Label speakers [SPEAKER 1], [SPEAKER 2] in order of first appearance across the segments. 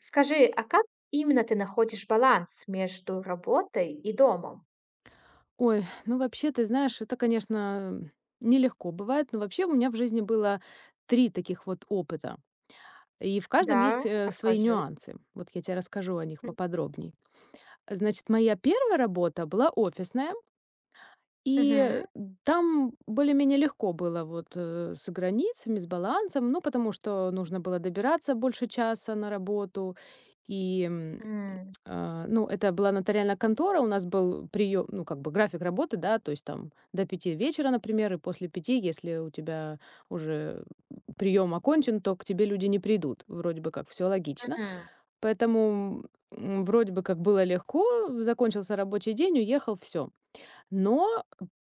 [SPEAKER 1] Скажи, а как именно ты находишь баланс между работой и домом?
[SPEAKER 2] Ой, ну вообще, ты знаешь, это конечно нелегко бывает, но вообще, у меня в жизни было 3 таких вот опыта. И в каждом
[SPEAKER 1] Да,
[SPEAKER 2] есть, э, свои
[SPEAKER 1] расскажи.
[SPEAKER 2] нюансы. Вот я те расскажу о них
[SPEAKER 1] М.
[SPEAKER 2] поподробней. Значит, моя 1 работа была офисная и
[SPEAKER 1] Мгм.
[SPEAKER 2] там более-менее легко было вот, э, с границами, с балансом. Ну, потому что нужно было добираться больше часа на работу. И, м,
[SPEAKER 1] М.
[SPEAKER 2] э, ну, это была нотариальная контора, у нас был приём, ну, как бы график работы, да, то есть там до 5 вечера, например, и после 5, если у тебя уже приём окончен, то к тебе люди не придут. Вроде бы как всё логично,
[SPEAKER 1] Мгм.
[SPEAKER 2] поэтому, м, вроде бы как было легко: закончился рабочий день, уехал, всё. Но,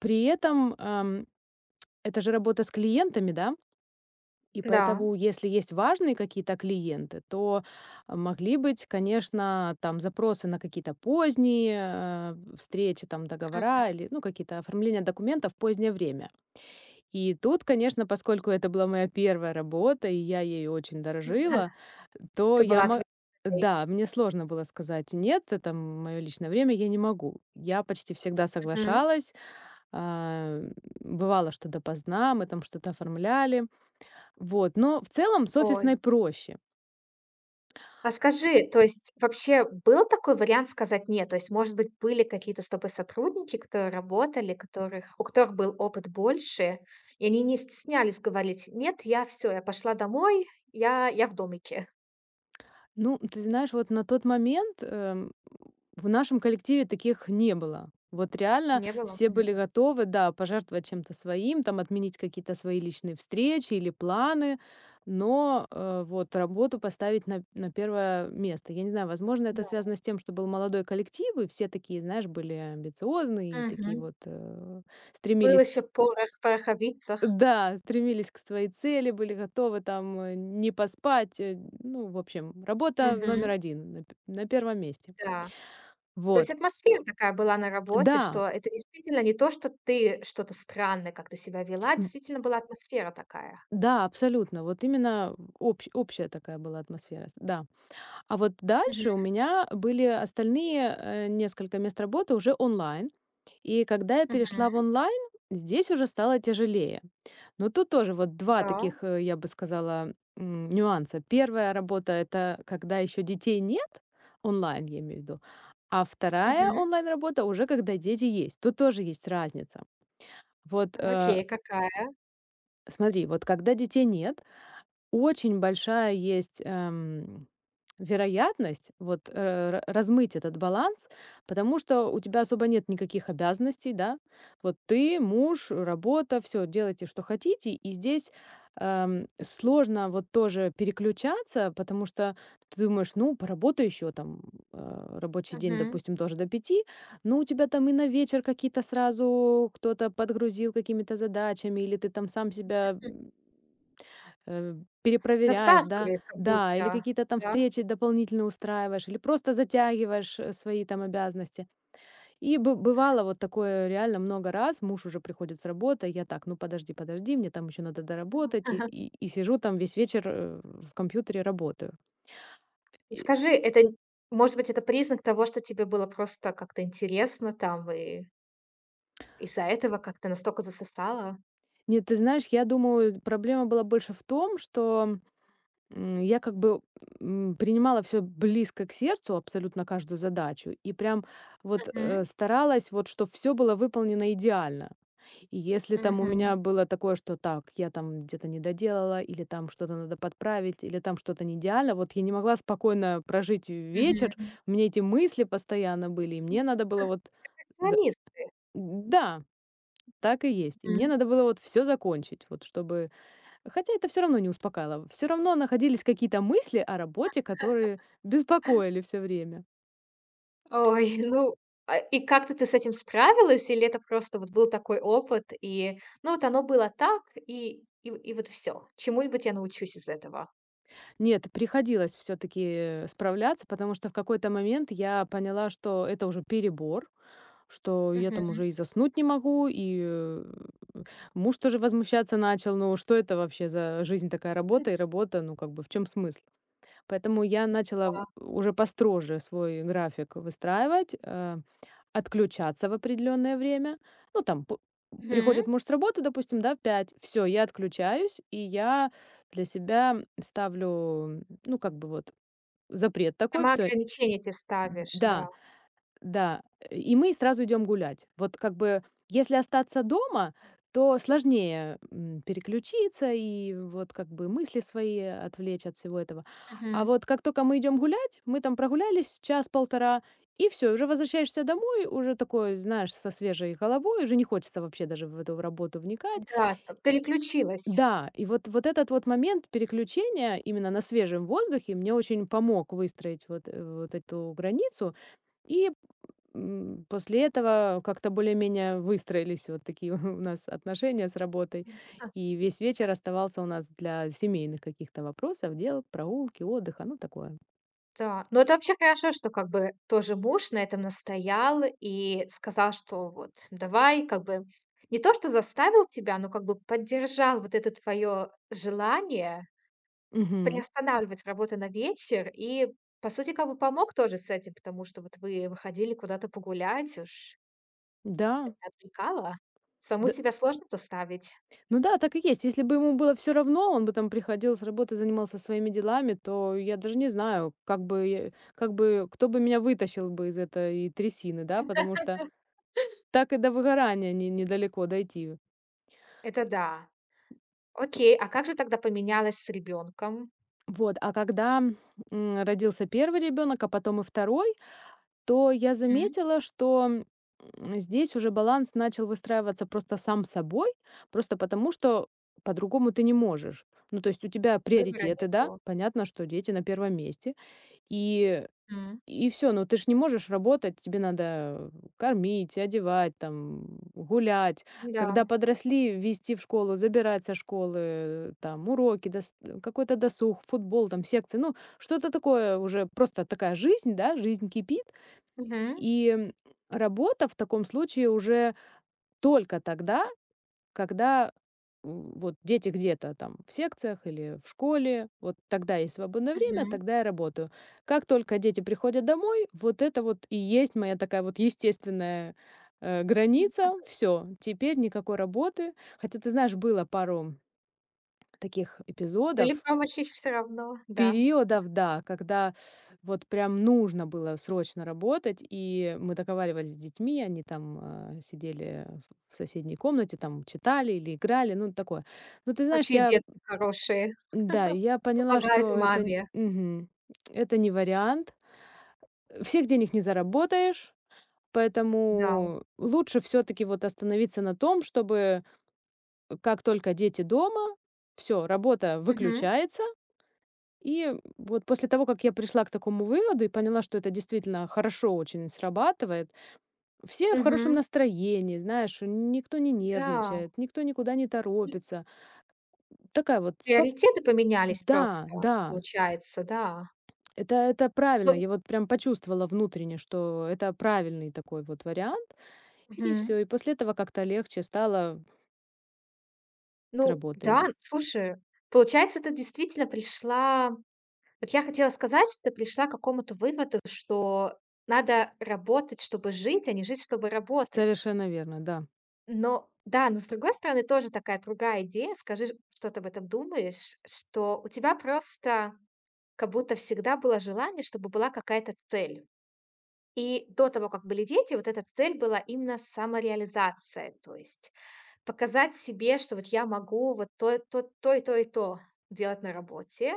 [SPEAKER 2] при этом, эм, это же работа с клиентами, да. И
[SPEAKER 1] Да.
[SPEAKER 2] поэтому, если есть важные какие-то клиенты, то могли быть, конечно, там запросы на какие-то поздние, э, встречи, там договора
[SPEAKER 1] Мгм.
[SPEAKER 2] или, ну, какие-то оформления документов в позднее время. И тут, конечно, поскольку это была моя 1 работа, и я ею очень дорожила,
[SPEAKER 1] [unintelligible]
[SPEAKER 2] то
[SPEAKER 1] Ты
[SPEAKER 2] я
[SPEAKER 1] была
[SPEAKER 2] мо
[SPEAKER 1] ответственной.
[SPEAKER 2] Да, мне сложно было сказать: "Нет, это, м моё личное время, я не могу". Я почти всегда
[SPEAKER 1] Мгм.
[SPEAKER 2] соглашалась, ам, бывало, что допоздна, мы там что-то оформляли. Вот, но, в целом, с офисной
[SPEAKER 1] Ой.
[SPEAKER 2] проще.
[SPEAKER 1] А скажи, то есть, вообще, был такой вариант сказать "нет"? То есть, может быть, были какие-то с тобой сотрудники, которые работали, которых у которых был опыт больше, и они не стеснялись говорить: "Нет, я всё, я пошла домой. Я я в домике."
[SPEAKER 2] Ну, ты знаешь, вот на тот момент, эм, в нашем коллективе таких не было. Вот реально
[SPEAKER 1] Не было
[SPEAKER 2] все были
[SPEAKER 1] понятно.
[SPEAKER 2] готовы, да, пожертвовать чем-то своим, там отменить какие-то свои личные встречи или планы, но, э, вот, а, вот работу поставить на на 1 место. Я не знаю, возможно,
[SPEAKER 1] Да.
[SPEAKER 2] это связано с тем, что был молодой коллектив, и все такие, знаешь, были амбициозные, такие
[SPEAKER 1] Мгм.
[SPEAKER 2] вот, а,
[SPEAKER 1] Было
[SPEAKER 2] стремились.
[SPEAKER 1] еще порох в пороховицах.
[SPEAKER 2] Да, стремились к своей цели, были готовы там не поспать. Ну, в общем, работа номер
[SPEAKER 1] Мгм.
[SPEAKER 2] 1 на на 1 месте.
[SPEAKER 1] Да. То есть
[SPEAKER 2] Вот.
[SPEAKER 1] атмосфера такая была на работе, что
[SPEAKER 2] Да!
[SPEAKER 1] это действительно не то, что ты что-то странное как-то себя вела,
[SPEAKER 2] Н
[SPEAKER 1] действительно была атмосфера такая.
[SPEAKER 2] Да, абсолютно. Вот именно общ общая такая была атмосфера, да. А вот
[SPEAKER 1] Мгм.
[SPEAKER 2] дальше у меня были остальные, а, несколько мест работы уже онлайн. И когда я перешла в
[SPEAKER 1] Мгм.
[SPEAKER 2] онлайн, здесь уже стало тяжелее. Но тут тоже вот 2
[SPEAKER 1] Да.
[SPEAKER 2] таких, э, я бы сказала, м, нюанса. 1 работа- это когда ещё детей нет, онлайн, я имею в виду, а 2
[SPEAKER 1] Мгм.
[SPEAKER 2] онлайн-работа- уже когда дети есть. Тут тоже есть разница. Вот, а.
[SPEAKER 1] Окей, какая?
[SPEAKER 2] Смотри, вот когда детей нет, очень большая есть, эм, вероятность вот раз размыть этот баланс, потому что у тебя особо нет никаких обязанностей, да? Вот, ты, муж, работа, всё делайте, что хотите. И здесь, а, сложно вот тоже переключаться, потому что ты думаешь: "Ну, поработай ещё там". А. Рабочий день,
[SPEAKER 1] Мгм.
[SPEAKER 2] допустим, тоже до 5. Ну, у тебя там и на вечер какие-то сразу кто-то подгрузил какими-то задачами, или ты там сам себя м М. Перепроверяешь, да?
[SPEAKER 1] Засасывается как
[SPEAKER 2] Да, или
[SPEAKER 1] будто,
[SPEAKER 2] какие-то там
[SPEAKER 1] да?
[SPEAKER 2] встречи дополнительные устраиваешь, или просто затягиваешь, э, свои там обязанности. И бы бывало вот такое реально много раз: муж уже приходит с работы, я так: "Ну, подожди, подожди, мне там ещё надо доработать". И
[SPEAKER 1] Ага.
[SPEAKER 2] и сижу там весь вечер, э, в компьютере, работаю. И.
[SPEAKER 1] Скажи, это, м может быть, это признак того, что тебе было просто как-то интересно там, вы? Из-за этого как-то настолько засосала.
[SPEAKER 2] Нет, ты знаешь, я думаю, проблема была больше в том, что, м, я, как бы, м, принимала всё близко к сердцу, абсолютно каждую задачу, и прям вот, а,
[SPEAKER 1] Мгм.
[SPEAKER 2] старалась, вот чтобы всё было выполнено идеально. И если там у
[SPEAKER 1] Мгм.
[SPEAKER 2] меня было такое, что: "Так, я там где-то не доделала", или там что-то надо подправить, или там что-то не идеально, вот я не могла спокойно прожить вечер,
[SPEAKER 1] Мгм.
[SPEAKER 2] у меня эти мысли постоянно были, и
[SPEAKER 1] [unintelligible]
[SPEAKER 2] мне надо было вот за
[SPEAKER 1] Перфекционисты.
[SPEAKER 2] да так и есть. И мне
[SPEAKER 1] Мгм.
[SPEAKER 2] надо было вот всё закончить, вот чтобы Хотя это всё равно не успокаивало, всё равно находились какие-то мысли о работе, которые беспокоили всё время.
[SPEAKER 1] Ой, ну а и как-то ты с этим справилась, или это просто вот был такой опыт, и, ну, вот оно было так, и и вот всё, чему-нибудь я научусь из этого.
[SPEAKER 2] Нет, приходилось всё-таки справляться, потому что в какой-то момент я поняла, что это уже перебор, что я там
[SPEAKER 1] Мгм.
[SPEAKER 2] уже и заснуть не могу, и муж тоже возмущаться начал: "Ну, что это вообще за жизнь такая:
[SPEAKER 1] М.
[SPEAKER 2] работа и работа? Ну, как бы в чём смысл?" Поэтому я начала
[SPEAKER 1] А.
[SPEAKER 2] уже построже свой график выстраивать, а, отключаться в определённое время. Ну, там п
[SPEAKER 1] М.
[SPEAKER 2] приходит муж с работы, допустим, в 5, всё, я отключаюсь, и я для себя ставлю, ну, как бы вот запрет такой,
[SPEAKER 1] Сама
[SPEAKER 2] всё.
[SPEAKER 1] ограничения эти ставишь, да?
[SPEAKER 2] Да да. И мы сразу идём гулять. Вот как бы если остаться дома, то сложнее, м, переключиться и, вот, как бы мысли свои отвлечь от всего этого. А
[SPEAKER 1] Мгм.
[SPEAKER 2] вот как только мы идём гулять, мы там прогулялись час-полтора, и всё, и уже возвращаешься домой, уже такой, знаешь, со свежей головой, уже не хочется вообще даже в эту работу вникать.
[SPEAKER 1] Да, чт переключилась.
[SPEAKER 2] Да, и вот, вот этот вот момент переключения именно на свежем воздухе мне очень помог выстроить вот эт вот эту границу, и, м, после этого как-то более-менее выстроились вот такие у нас отношения с работой, и весь вечер оставался у нас для семейных каких-то вопросов, дел, прогулки, отдыха, ну, такое.
[SPEAKER 1] Так, ну это вообще хорошо, что как бы тоже муж на этом настоял и сказал, что: "Вот давай", как бы не то что заставил тебя, но как бы поддержал вот это твоё желание
[SPEAKER 2] Мгм.
[SPEAKER 1] приостанавливать работу на вечер и, по сути, кову помог тоже с этим, потому что вот вы выходили куда-то погулять, уж. Это
[SPEAKER 2] Да.
[SPEAKER 1] отвлекалово? Саму
[SPEAKER 2] Д
[SPEAKER 1] себя сложно поставить.
[SPEAKER 2] Ну да, так и есть. Если бы ему было всё равно, он бы там приходил с работы и занимался своими делами, то я даже не знаю, как бы как бы кто бы меня вытащил из этой трясины, да, потому что так и до выгорания не недалеко дойти.
[SPEAKER 1] Это да. Окей, а как же тогда поменялось с ребёнком?
[SPEAKER 2] Вот, а когда, м, родился 1 ребёнок, а потом и 2, то я
[SPEAKER 1] М.
[SPEAKER 2] заметила, что, м, здесь уже баланс начал выстраиваться просто сам собой, просто потому что по-другому ты не можешь. Ну, то есть у тебя
[SPEAKER 1] Выбора
[SPEAKER 2] приоритеты, да,
[SPEAKER 1] нету.
[SPEAKER 2] понятно, что дети на 1 месте, и
[SPEAKER 1] М.
[SPEAKER 2] и всё. Но ты же не можешь работать, тебе надо кормить, одевать, там, гулять.
[SPEAKER 1] Да.
[SPEAKER 2] Когда подросли, везти в школу, забирать со школы, там, уроки, дс какой-то досуг, футбол, там, секции, ну, что-то такое уже, просто такая жизнь, да, жизнь кипит.
[SPEAKER 1] Мгм.
[SPEAKER 2] И, м, работа в таком случае уже только тогда, когда, м, вот дети где-то там в секциях или в школе, вот тогда есть свободное время,
[SPEAKER 1] Мгм.
[SPEAKER 2] тогда я работаю. Как только дети приходят домой, вот это вот и есть моя такая вот естественная, а, граница. Всё, теперь никакой работы. Хотя, ты знаешь, было пару таких
[SPEAKER 1] Или
[SPEAKER 2] эпизодов.
[SPEAKER 1] там, ваще, всё равно, да. Мгм.
[SPEAKER 2] Периодов, да, когда вот прям нужно было срочно работать, и мы договаривались с детьми, они там, а, сидели в соседней комнате, там читали или играли, ну, такое. Ну, ты знаешь,
[SPEAKER 1] Какие
[SPEAKER 2] я
[SPEAKER 1] детки хорошие,
[SPEAKER 2] Да, и я поняла,
[SPEAKER 1] помогают
[SPEAKER 2] что это,
[SPEAKER 1] маме.
[SPEAKER 2] мгм, это не вариант, всех денег не заработаешь,
[SPEAKER 1] Да.
[SPEAKER 2] поэтому лучше всё-таки, вот, остановиться на том, чтобы как только дети дома, всё, работа
[SPEAKER 1] Мгм.
[SPEAKER 2] выключается. И, м, вот после того, как я пришла к такому выводу и поняла, что это действительно хорошо очень срабатывает, все в хорошем
[SPEAKER 1] Мгм.
[SPEAKER 2] настроении, знаешь, никто не
[SPEAKER 1] Да.
[SPEAKER 2] нервничает, никто никуда не торопится такая вот спок
[SPEAKER 1] Приоритеты поменялись просто,
[SPEAKER 2] Да, да.
[SPEAKER 1] получается, да?
[SPEAKER 2] Это это правильно,
[SPEAKER 1] Ну.
[SPEAKER 2] я вот прям почувствовала внутренне, что это правильный такой вот вариант, и
[SPEAKER 1] Мгм.
[SPEAKER 2] всё, и после этого как-то легче стало. С
[SPEAKER 1] Ну да,
[SPEAKER 2] работой.
[SPEAKER 1] слушай, получается, ты действительно пришла. Вот я хотела сказать, что ты пришла к какому-то выводу, что надо работать, чтобы жить, а не жить, чтобы работать.
[SPEAKER 2] Совершенно верно, да.
[SPEAKER 1] Но да, но, с другой стороны, тоже такая другая идея, скажи, что ты об этом думаешь? Что у тебя просто как будто всегда было желание, чтобы была какая-то цель. И до того, как были дети, вот эта цель была именно самореализация, то есть показать себе, что вот я могу вот то то и то, и то делать на работе.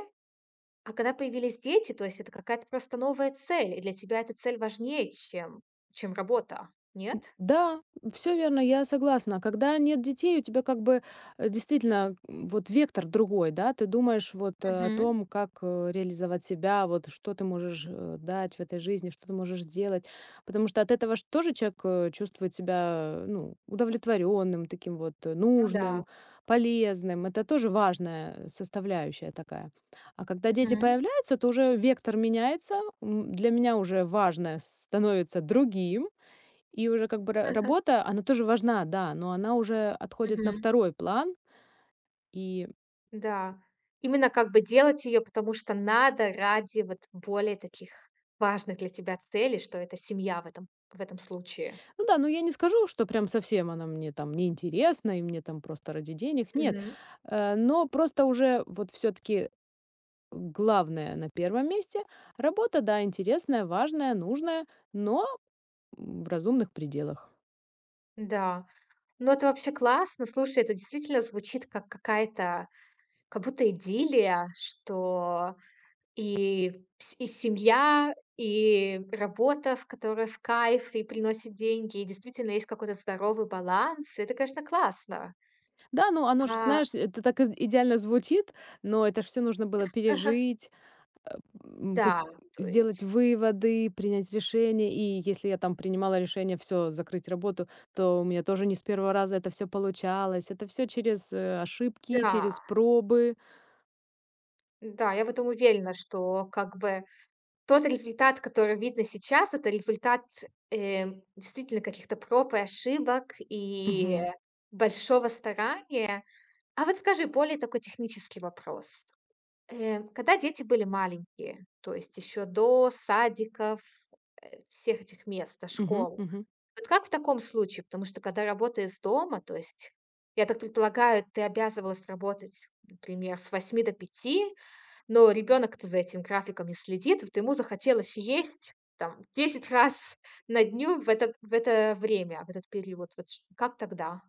[SPEAKER 1] А когда появились дети, то есть это какая-то просто новая цель, и для тебя эта цель важнее, чем чем работа,
[SPEAKER 2] М,
[SPEAKER 1] нет?
[SPEAKER 2] да, всё верно, я согласна. Когда нет детей, у тебя как бы, э, действительно, м вот вектор другой, да. Ты думаешь вот о
[SPEAKER 1] Мгм.
[SPEAKER 2] том, как, э, реализовать себя, вот что ты можешь, э, дать в этой жизни, что ты можешь сделать. Потому что от этого ж тоже человек, э, чувствует себя, ну, удовлетворённым, таким вот, э,
[SPEAKER 1] Ну да.
[SPEAKER 2] нужным, полезным. Это тоже важная составляющая такая. А когда дети
[SPEAKER 1] Мгм.
[SPEAKER 2] появляются, то уже вектор меняется, м, для меня уже важное становится другим. И уже как бы ра работа, она тоже важна, да, но она уже отходит на
[SPEAKER 1] Мгм.
[SPEAKER 2] второй план. И
[SPEAKER 1] Да, именно как бы делать её, потому что надо ради вот более таких важных для тебя целей, что это семья в этом в этом случае.
[SPEAKER 2] Ну да, ну, я не скажу, что прям совсем она мне там не интересна и мне там просто ради денег, нет,
[SPEAKER 1] Мгм.
[SPEAKER 2] а. Но просто уже вот всё-таки главная на 1 месте, работа, да, интересная, важная, нужная, но, м, в разумных пределах.
[SPEAKER 1] Да, но это вообще классно. Слушай, это действительно звучит как какая-то, как будто идиллия: что и и семья, и работа, ф которая в кайф и приносит деньги. И действительно есть какой-то здоровый баланс. Это, конечно, классно.
[SPEAKER 2] Да, ну оно же,
[SPEAKER 1] А.
[SPEAKER 2] знаешь, это так и идеально звучит, но это всё ж нужно было пережить, э, м, как
[SPEAKER 1] Да, то есть.
[SPEAKER 2] сделать выводы, принять решение, и если я там принимала решение всё, закрыть работу, то у меня тоже не с 1 раза это всё получалось. Это всё через, э, ошибки,
[SPEAKER 1] Да.
[SPEAKER 2] через пробы.
[SPEAKER 1] Да, я в этом уверена, что, как бы, тот результат, который видно сейчас- это результат, э, действительно каких-то проб и ошибок и
[SPEAKER 2] Мгм.
[SPEAKER 1] большого старания. А вот скажи, более такой технический вопрос. Э, когда дети были маленькие, то есть ещё до садиков, э, всех этих мест,
[SPEAKER 2] Мгм,
[SPEAKER 1] школ?
[SPEAKER 2] мгм.
[SPEAKER 1] Вот как в таком случае? Потому что, когда работа из дома, то есть, я так предполагаю, ты обязывалась работать, например, с 8 до 5, но ребенок-то за этим графиком не следит. Вот ему захотелось есть там 10 раз на дню в это в это время, в этот период. Вот ч как тогда?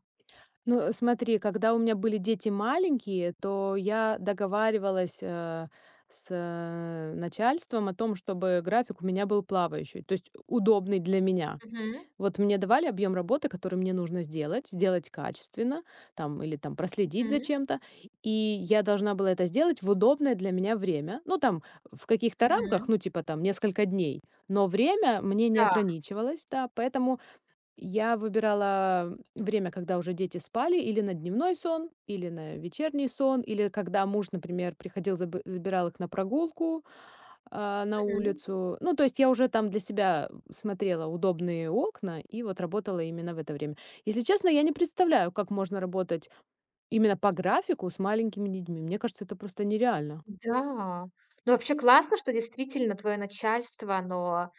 [SPEAKER 2] Ну смотри, когда у меня были дети маленькие, то я договаривалась, э э, с начальством о том, чтобы график у меня был плавающий, то есть удобный для меня.
[SPEAKER 1] Мгм.
[SPEAKER 2] Вот мне давали объем работы, который мне нужно сделать. Сделать качественно, там или там проследить за
[SPEAKER 1] Мгм.
[SPEAKER 2] чем-то. И я должна была это сделать в удобное для меня время. Ну там, в каких-то рамках,
[SPEAKER 1] Мгм.
[SPEAKER 2] ну, типа там, несколько дней, но время мне не
[SPEAKER 1] Да.
[SPEAKER 2] ограничивалось, да. Поэтому я выбирала время, когда уже дети спали: или на дневной сон, или на вечерний сон, или когда муж, например, приходил, заб забирал их на прогулку, э, на
[SPEAKER 1] Мгм.
[SPEAKER 2] улицу. Ну, то есть я уже там для себя смотрела удобные окна и вот работала именно в это время. Если честно, я не представляю, как можно работать именно по графику с маленькими детьми. Мне кажется, это просто нереально.
[SPEAKER 1] Да. Ну, вообще классно, что действительно твое начальство, оно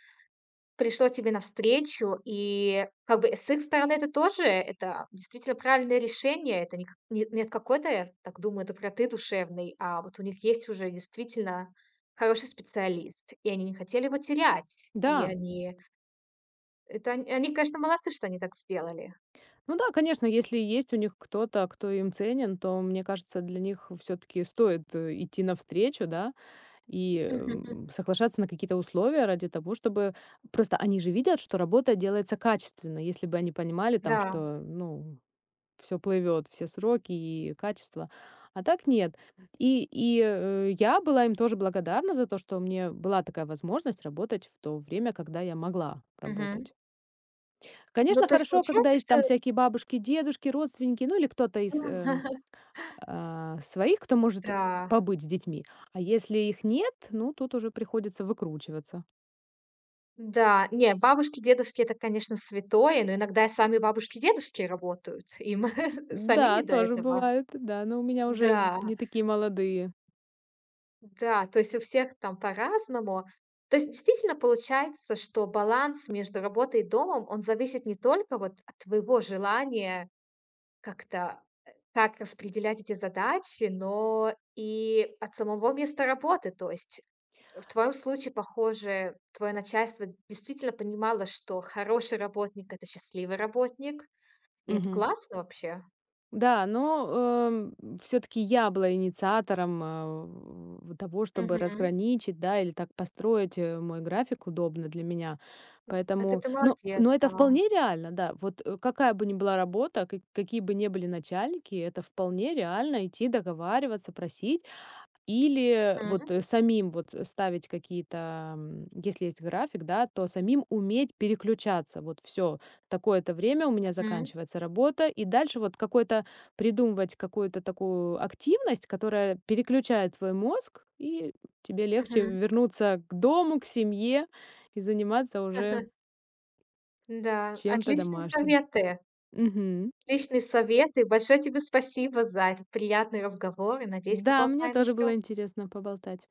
[SPEAKER 1] пришло тебе навстречу. И как бы с их стороны это тоже это действительно правильное решение. Это не какой не от какой-то, так думаю, доброты душевной, а вот у них есть уже действительно хороший специалист, и они не хотели его терять. И
[SPEAKER 2] Да.
[SPEAKER 1] они это, они они, конечно, молодцы, что они так сделали.
[SPEAKER 2] Ну да, конечно, если есть у них кто-то, кто им ценен, то, мне кажется, для них всё-таки стоит идти навстречу, да. И соглашаться на какие-то условия ради того, чтобы просто они же видят, что работа делается качественно. Если бы они понимали там,
[SPEAKER 1] Да.
[SPEAKER 2] что, ну, всё плывёт, все сроки и качество. А так нет. И и о я была им тоже благодарна за то, что у меня была такая возможность работать в то время, когда я могла
[SPEAKER 1] Мгм.
[SPEAKER 2] работать.
[SPEAKER 1] Ну,
[SPEAKER 2] Конечно,
[SPEAKER 1] то есть
[SPEAKER 2] хорошо, когда
[SPEAKER 1] получается,
[SPEAKER 2] есть
[SPEAKER 1] что
[SPEAKER 2] там всякие бабушки, дедушки, родственники, ну, или кто-то из, э, о, своих, кто может
[SPEAKER 1] Да.
[SPEAKER 2] побыть с детьми. А если их нет, ну, тут уже приходится выкручиваться.
[SPEAKER 1] Да, не, бабушки дедушки- это, конечно, святое, но иногда и сами бабушки-дедушки работают. Им самим не
[SPEAKER 2] Да,
[SPEAKER 1] до
[SPEAKER 2] тоже
[SPEAKER 1] этого.
[SPEAKER 2] бывают, да, но у меня уже
[SPEAKER 1] Да!
[SPEAKER 2] не такие молодые.
[SPEAKER 1] Да, то есть у всех там по-разному. То есть, действительно, получается, что баланс между работой и домом, он зависит не только вот от твоего желания как-то, э, как распределять эти задачи, но и от самого места работы. То есть в твоём случае, похоже, твоё начальство действительно понимало, что хороший работник- это счастливый работник. И это
[SPEAKER 2] Мгм.
[SPEAKER 1] классно вообще.
[SPEAKER 2] Да, но, эм, м, всё-таки я была инициатором, э, в в того, чтобы
[SPEAKER 1] Мгм.
[SPEAKER 2] разграничить, да, или так построить, э, мой график удобно для меня.
[SPEAKER 1] М, это
[SPEAKER 2] Поэтому.
[SPEAKER 1] ты
[SPEAKER 2] Ну ну
[SPEAKER 1] молодец,
[SPEAKER 2] это
[SPEAKER 1] да.
[SPEAKER 2] вполне реально, да. Вот, э, какая бы ни была работа, ка какие бы не были начальники, и это вполне реально- идти договариваться, просить или вот
[SPEAKER 1] Мгм.
[SPEAKER 2] самим вот ставить какие-то, м, если есть график, да, то самим уметь переключаться. Вот всё. Такое-то время у меня
[SPEAKER 1] Мгм.
[SPEAKER 2] заканчивается работа, и дальше вот какой-то придумывать какую-то такую активность, которая переключает твой мозг, и тебе легче
[SPEAKER 1] Мгм.
[SPEAKER 2] вернуться к дому, к семье и заниматься уже
[SPEAKER 1] Да,
[SPEAKER 2] чем-то
[SPEAKER 1] отличные
[SPEAKER 2] домашним.
[SPEAKER 1] советы.
[SPEAKER 2] Мгм.
[SPEAKER 1] Отличные советы! Большое тебе спасибо за этот приятный разговор, и надеюсь,
[SPEAKER 2] Да, мне
[SPEAKER 1] поболтаем
[SPEAKER 2] тоже
[SPEAKER 1] ещё.
[SPEAKER 2] было интересно поболтать.